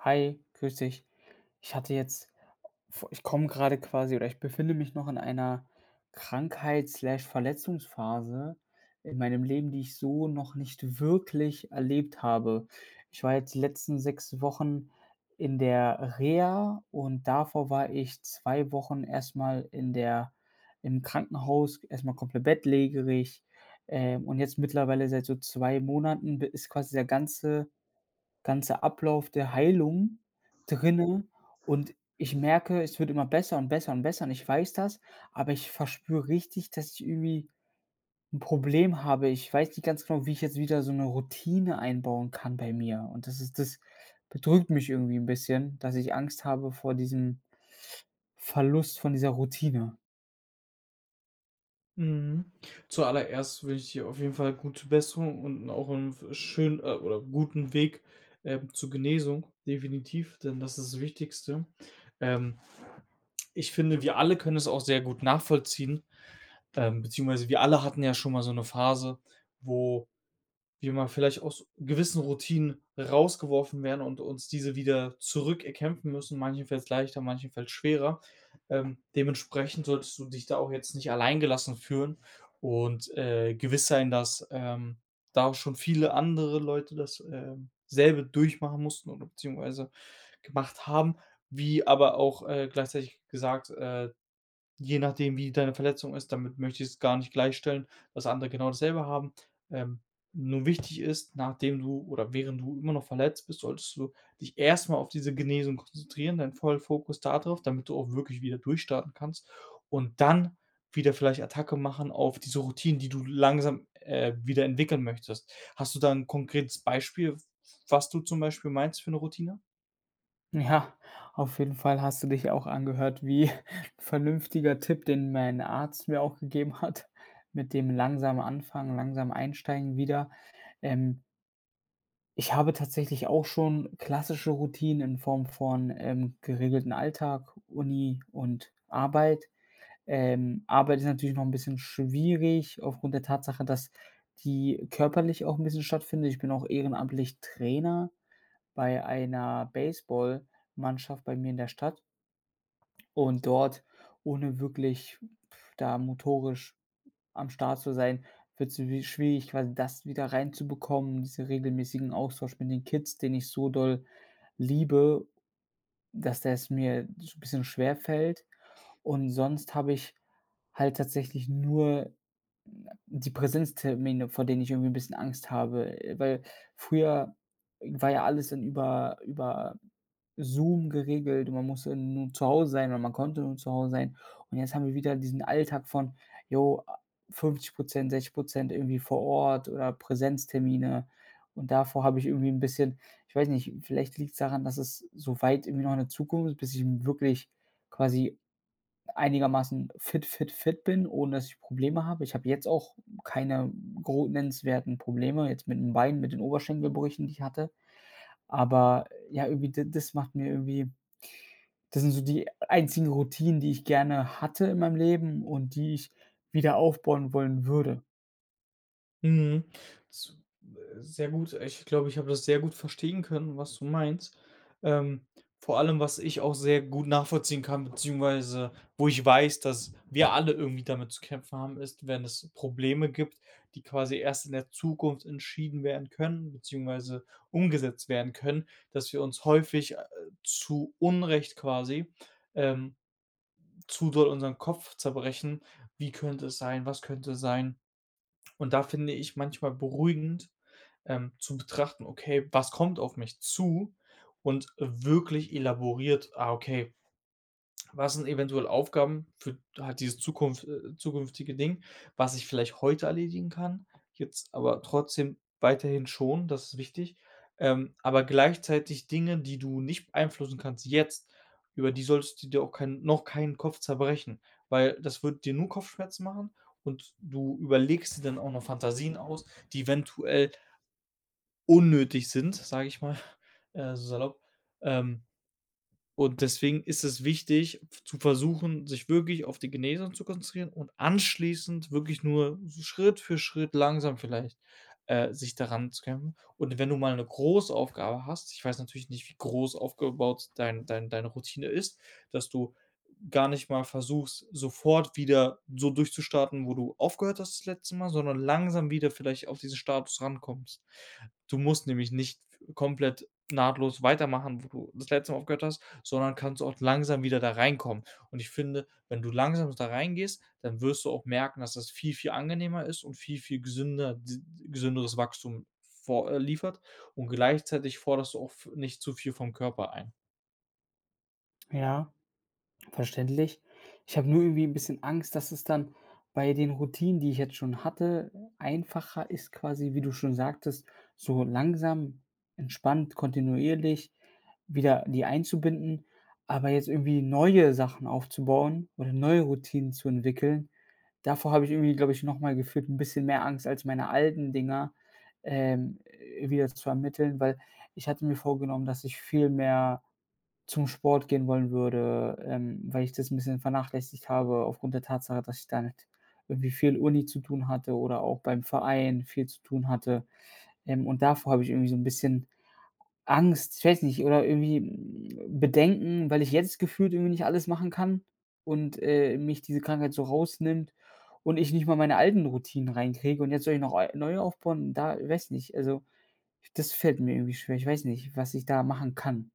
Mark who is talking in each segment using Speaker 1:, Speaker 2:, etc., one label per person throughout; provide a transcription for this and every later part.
Speaker 1: Hi, grüß dich. Ich hatte jetzt, vo ich komme grade quasi oder ich befinde mich noch in einer Krankheit, Slash, Verletzungsphase in meinem Leben, die ich so noch nicht wirklich erlebt habe. Ich war jetzt die letzten 6 Wochen in der Reha und davor war ich 2 Wochen erst mal in der im Krankenhaus, erst mal komplett bettlägerig, äh, und jetzt mittlerweile seit so 2 Monaten b ist quasi der ganze ganze Ablauf der Heilung drinnen und ich merke, es wird immer besser und besser und besser und ich weiß das, aber ich verspüre richtig, dass ich irgendwie 'n Problem habe. Ich weiß nicht ganz genau, wie ich jetzt wieder so 'ne Routine einbauen kann bei mir und das ist das bedrückt mich irgendwie 'n bisschen, dass ich Angst habe vor diesem Verlust von dieser Routine.
Speaker 2: Mhm. Zuallererst wünsche ich dir auf jeden Fall gute Besserung und auch 'n äh, schönen äh, oder guten Weg, äh, zur Genesung, definitiv, denn das ist das Wichtigste. Ähm, ich finde, wir alle können es auch sehr gut nachvollziehen, ähm, beziehungsweise wir alle hatten ja schon mal so 'ne Phase, wo wir mal vielleicht aus gewissen Routinen rausgeworfen werden und uns diese wieder zurück erkämpfen müssen, manchen fällt's leichter, manchen fällt's schwerer. Ähm, dementsprechend solltest du dich da auch jetzt nicht allein gelassen fühlen und, äh, gewiss sein, dass, ähm, da auch schon viele andere Leute das, äh, selbe durchmachen mussten oder beziehungsweise gemacht haben, wie aber auch, äh, gleichzeitig gesagt, äh, je nachdem, wie deine Verletzung ist, damit möchte ich es gar nicht gleichstellen, dass andere genau dasselbe haben. Ähm, nur wichtig ist, nachdem du oder während du immer noch verletzt bist, solltest du dich erst mal auf diese Genesung konzentrieren, deinen vollen Fokus da drauf, damit du auch wirklich wieder durchstarten kannst und dann wieder vielleicht Attacke machen auf diese Routinen, die du langsam, äh, wieder entwickeln möchtest. Hast du da 'n konkretes Beispiel, w was du zum Beispiel meinst für 'ne Routine?
Speaker 1: Ja, auf jeden Fall hast du dich auch angehört wie 'n vernünftiger Tipp, den mein Arzt mir auch gegeben hat, mit dem langsam anfangen, langsam einsteigen wieder. Ähm ich habe tatsächlich auch schon klassische Routinen in Form von, ähm, geregelten Alltag, Uni und Arbeit. Ähm, Arbeit ist natürlich noch 'n bisschen schwierig aufgrund der Tatsache, dass die körperlich auch 'n bisschen stattfindet. Ich bin auch ehrenamtlich Trainer bei einer Baseballmannschaft bei mir in der Stadt und dort, ohne wirklich da motorisch am Start zu sein, wird's wi schwierig, quasi das wieder reinzubekommen, diesen regelmäßigen Austausch mit den Kids, den ich so doll liebe, dass das mir so bisschen schwerfällt und sonst habe ich halt tatsächlich nur na die Präsenztermine, vor denen ich irgendwie 'n bisschen Angst habe, äh, weil früher war ja alles dann über über Zoom geregelt. Man muss ja nur zu Hause sein oder man konnte nur zu Hause sein und jetzt haben wir wieder diesen Alltag von, jo, a 50 % 60 % irgendwie vor Ort oder Präsenztermine und davor habe ich irgendwie 'n bisschen ich weiß nicht, vielleicht liegt's daran, dass es so weit irgendwie noch in der Zukunft ist, bis ich wirklich quasi einigermaßen fit, fit, fit bin, ohne dass ich Probleme habe. Ich habe jetzt auch keine gro nennenswerten Probleme jetzt mit 'n Beinen, mit den Oberschenkelbrüchen, die ich hatte. Aber, ja, irgendwie d das macht mir irgendwie das sind so die einzigen Routinen, die ich gerne hatte in meinem Leben und die ich wieder aufbauen wollen würde.
Speaker 2: Mhm, s äh, sehr gut, ich glaube, ich habe das sehr gut verstehen können, was du meinst. Ähm, vor allem, was ich auch sehr gut nachvollziehen kann, beziehungsweise wo ich weiß, dass wir alle irgendwie damit zu kämpfen haben, ist, wenn es Probleme gibt, die quasi erst in der Zukunft entschieden werden können, beziehungsweise umgesetzt werden können, dass wir uns häufig, äh, zu Unrecht quasi, ähm, zu doll unseren Kopf zerbrechen: „Wie könnte es sein? Was könnte sein?“ Und da finde ich manchmal beruhigend, ähm, zu betrachten: „Okay, was kommt auf mich zu“ und wirklich elaboriert, ah, okay, was sind eventuell Aufgaben für halt dieses zukunft äh, zukünftige Ding, was ich vielleicht heute erledigen kann, jetzt aber trotzdem weiterhin schon, das ist wichtig, ähm, aber gleichzeitig Dinge, die du nicht beeinflussen kannst jetzt, über die solltest du dir auch kein noch keinen Kopf zerbrechen, weil das wird dir nur Kopfschmerzen machen und du überlegst dir dann auch noch Fantasien aus, die eventuell unnötig sind, sage ich mal, äh, salopp. Ähm, und deswegen ist es wichtig zu versuchen, sich wirklich auf die Genesung zu konzentrieren und anschließend wirklich nur so Schritt für Schritt langsam vielleicht, äh, sich da ranzukämpfen. Und wenn du mal 'ne Großaufgabe hast, ich weiß natürlich nicht, wie groß aufgebaut dein dein deine Routine ist, dass du gar nicht mal versuchst, sofort wieder so durchzustarten, wo du aufgehört hast das letzte Mal, sondern langsam wieder vielleicht auf dieses Status rankommst. Du musst nämlich nicht komplett nahtlos weitermachen, wo du das letzte Mal aufgehört hast, sondern kannst auch langsam wieder da reinkommen. Und ich finde, wenn du langsam da reingehst, dann wirst du auch merken, dass das viel, viel angenehmer ist und viel, viel gesünder d gesünderes Wachstum vor äh, liefert. Und gleichzeitig forderst du auch v nicht zu viel vom Körper ein.
Speaker 1: Ja, verständlich. Ich habe nur irgendwie 'n bisschen Angst, dass es dann bei den Routinen, die ich jetzt schon hatte, einfacher ist quasi, wie du schon sagtest, so langsam, entspannt, kontinuierlich wieder die einzubinden, aber jetzt irgendwie neue Sachen aufzubauen oder neue Routinen zu entwickeln, davor habe ich irgendwie, glaube ich, noch mal gefühlt 'n bisschen mehr Angst als meine alten Dinger, ähm, äh, wieder zu ermitteln, weil ich hatte mir vorgenommen, dass ich viel mehr zum Sport gehen wollen würde, ähm, weil ich das 'n bisschen vernachlässigt habe aufgrund der Tatsache, dass ich da mit irgendwie viel Uni zu tun hatte oder auch beim Verein viel zu tun hatte, ähm, und davor habe ich irgendwie so 'n bisschen Angst ich weiß nicht, oder irgendwie, hm, Bedenken, weil ich jetzt gefühlt irgendwie nicht alles machen kann und, äh, mich diese Krankheit so rausnimmt und ich nicht mal meine alten Routinen reinkriege. Und jetzt soll ich noch ei neu aufbauen, da weiß nicht, also, das fällt mir irgendwie schwer, ich weiß nicht, was ich da machen kann.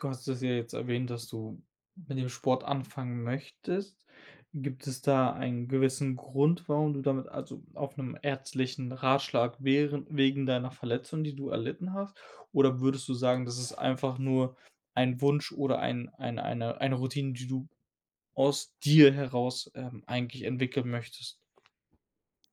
Speaker 2: Du hast es ja jetzt erwähnt, dass du mit dem Sport anfangen möchtest. Gibt es da einen gewissen Grund, warum du damit also, auf 'nen ärztlichen Ratschlag währe wegen deiner Verletzung, die du erlitten hast? Oder würdest du sagen, das ist einfach nur ein Wunsch oder ein ein eine eine Routine, die du aus dir heraus, ähm, eigentlich entwickeln möchtest?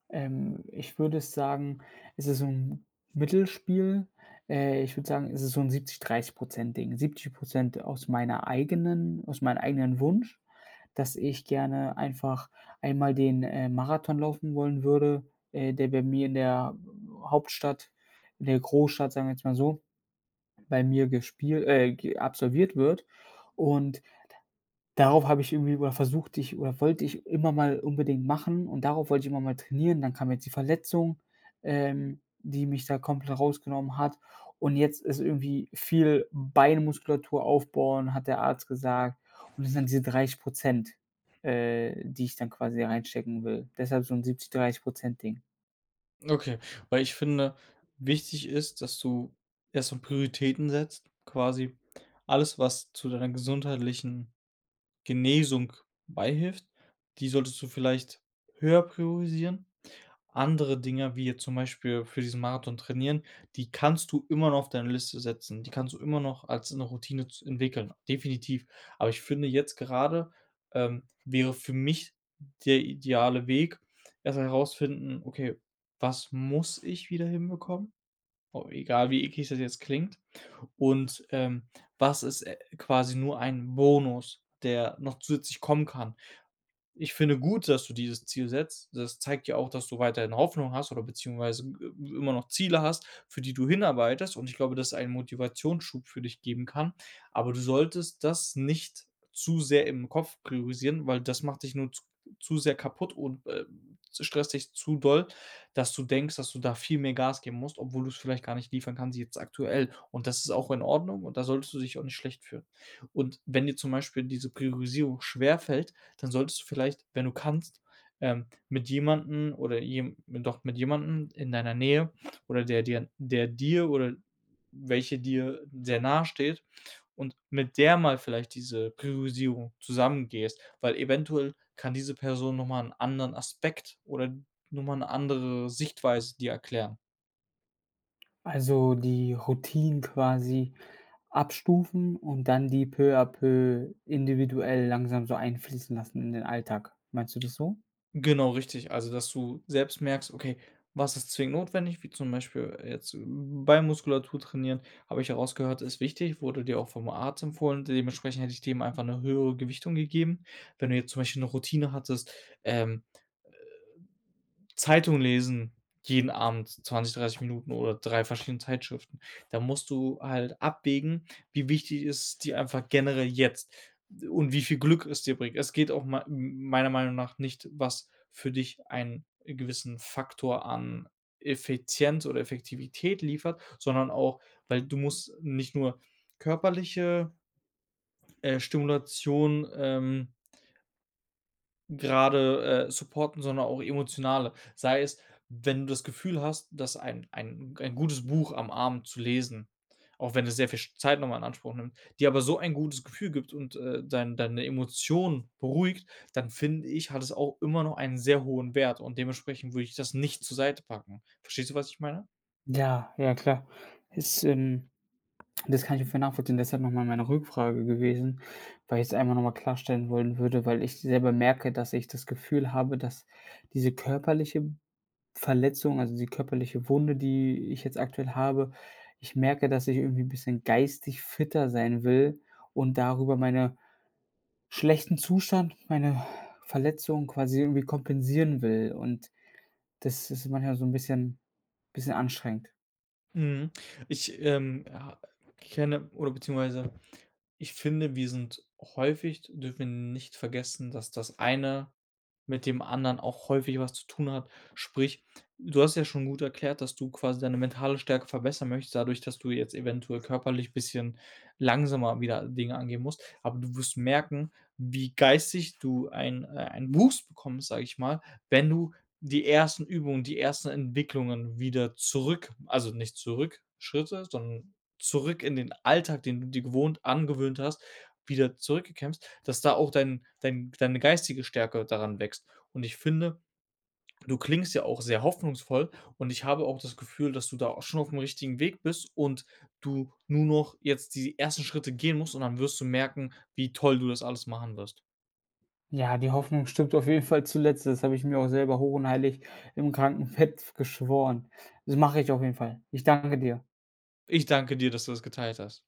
Speaker 1: Ähm, ich würde sagen, es ist so 'n Mittelspiel. Äh, ich würde sagen, es ist so 'n 70, 30 % Ding. 70 % aus meiner eigenen aus meinen eigenen Wunsch, dass ich gerne einfach einmal den, äh, Marathon laufen wollen würde, äh, der bei mir in der w Hauptstadt, in der Großstadt, sagen wir jetzt mal so, bei mir gespiel äh, ge absolviert wird und da darauf habe ich irgendwie b oder versuchte ich oder wollte ich immer mal unbedingt machen und darauf wollte ich immer mal trainieren. Dann kam jetzt die Verletzung, ähm, die mich da komplett rausgenommen hat. Und jetzt ist irgendwie viel Beinmuskulatur aufbauen, hat der Arzt gesagt. Und das sind dann diese 30 % äh, die ich dann quasi reinstecken will. Deshalb so 'n 70, 30 % Ding.
Speaker 2: Okay, weil ich finde, wichtig ist, dass du erst so Prioritäten setzt, quasi alles, was zu deiner gesundheitlichen Genesung beihilft, die solltest du vielleicht höher priorisieren. Andere Dinge, wie jetzt zum Beispiel für diesen Marathon trainieren, die kannst du immer noch auf deine Liste setzen, die kannst du immer noch als 'ne Routine z entwickeln, definitiv. Aber ich finde jetzt gerade, ähm, wäre für mich der ideale Weg, erst mal herausfinden: „Okay, was muss ich wieder hinbekommen?“ W egal, wie eklig das jetzt klingt und, ähm: „Was ist, äh, quasi nur ein Bonus, der noch zusätzlich kommen kann?“ Ich finde gut, dass du dieses Ziel setzt. Das zeigt ja auch, dass du weiterhin Hoffnung hast oder beziehungsweise ge i immer noch Ziele hast, für die du hinarbeitest und ich glaube, dass es ein Motivationsschub für dich geben kann, aber du solltest das nicht zu sehr im Kopf priorisieren, weil das macht dich nur z zu sehr kaputt und, äh, stresst dich zu doll, dass du denkst, dass du da viel mehr Gas geben musst, obwohl du's vielleicht gar nicht liefern kannst jetzt aktuell und das ist auch in Ordnung und da solltest du dich auch nicht schlecht fühlen. Und wenn dir zum Beispiel diese Priorisierung schwer fällt, dann solltest du vielleicht, wenn du kannst, ähm, mit jemandem oder je doch mit jemandem in deiner Nähe oder der dir der dir oder welcher dir sehr nahesteht und mit der mal vielleicht diese Priorisierung zusammen gehst, weil eventuell kann diese Person noch mal 'n anderen Aspekt oder noch mal 'ne andere Sichtweise dir erklären.
Speaker 1: Also die Routinen quasi abstufen und dann die peu à peu individuell langsam so einfließen lassen in den Alltag. Meinst du das so?
Speaker 2: Genau richtig, also dass du selbst merkst: „Okay, was ist zwingend notwendig”, wie zum Beispiel, äh, jetzt Beinmuskulatur trainieren, habe ich ja rausgehört, ist wichtig, wurde dir auch vom Arzt empfohlen und dementsprechend hätte ich dem einfach 'ne höhere Gewichtung gegeben. Wenn du jetzt zum Beispiel 'ne Routine hattest, ähm, äh, Zeitung lesen jeden Abend 20, 30 Minuten oder 3 verschiedene Zeitschriften, da musst du halt abwägen, wie wichtig ist dir einfach generell jetzt und wie viel Glück es dir bringt. Es geht auch mei m meiner Meinung nach nicht, was für dich einen gewissen Faktor an Effizienz oder Effektivität liefert, sondern auch, weil du musst nicht nur körperliche äh, Stimulation, ähm grade, äh, supporten, sondern auch emotionale, sei es, wenn du das Gefühl hast, dass ein ein g ein gutes Buch am Abend zu lesen auch wenn es sehr viel Zeit noch mal in Anspruch nimmt, dir aber so ein gutes Gefühl gibt und, äh, dein deine Emotionen beruhigt, dann finde ich, hat es auch immer noch einen sehr hohen Wert und dementsprechend würde ich das nicht zur Seite packen. Verstehst du, was ich meine?
Speaker 1: Ja, ja klar. Das ähm, das kann ich voll nachvollziehen, deshalb noch mal meine Rückfrage gewesen, weil ich's einfach noch mal klarstellen wollen würde, weil ich selber merke, dass ich das Gefühl habe, dass diese körperliche Verletzung, also, die körperliche Wunde, die ich jetzt aktuell habe, ich merke, dass ich irgendwie 'n bisschen geistig fitter sein will und darüber meine schlechten Zustand, meine Verletzung quasi irgendwie kompensieren will und das ist manchmal so 'n bisschen bisschen anstrengend.
Speaker 2: Mhm. Ich, ähm, ha kenne oder beziehungsweise ich finde, wir sind häufig dürfen wir nicht vergessen, dass das eine mit dem anderen auch häufig was zu tun hat, sprich, du hast ja schon gut erklärt, dass du quasi deine mentale Stärke verbessern möchtest dadurch, dass du jetzt eventuell körperlich bisschen langsamer wieder Dinge angehen musst, aber du wirst merken, wie geistig du einen äh, einen Wuchs bekommst, sage ich mal, wenn du die 1. Übungen, die ersten Entwicklungen wieder zurück also, nicht zurück Schritte, sondern zurück in den Alltag, den du dir gewohnt angewöhnt hast, wieder zurückkämpfst, dass da auch dein dein deine geistige Stärke daran wächst. Und ich finde, du klingst ja auch sehr hoffnungsvoll und ich habe auch das Gefühl, dass du da auch schon aufm richtigen Weg bist und du nur noch jetzt die ersten Schritte gehen musst und dann wirst du merken, wie toll du das alles machen wirst.
Speaker 1: Ja, die Hoffnung stirbt auf jeden Fall zuletzt. Das habe ich mir auch selber hoch und heilig im Krankenbett geschworen. Das mache ich auf jeden Fall. Ich danke dir.
Speaker 2: Ich danke dir, dass du das geteilt hast.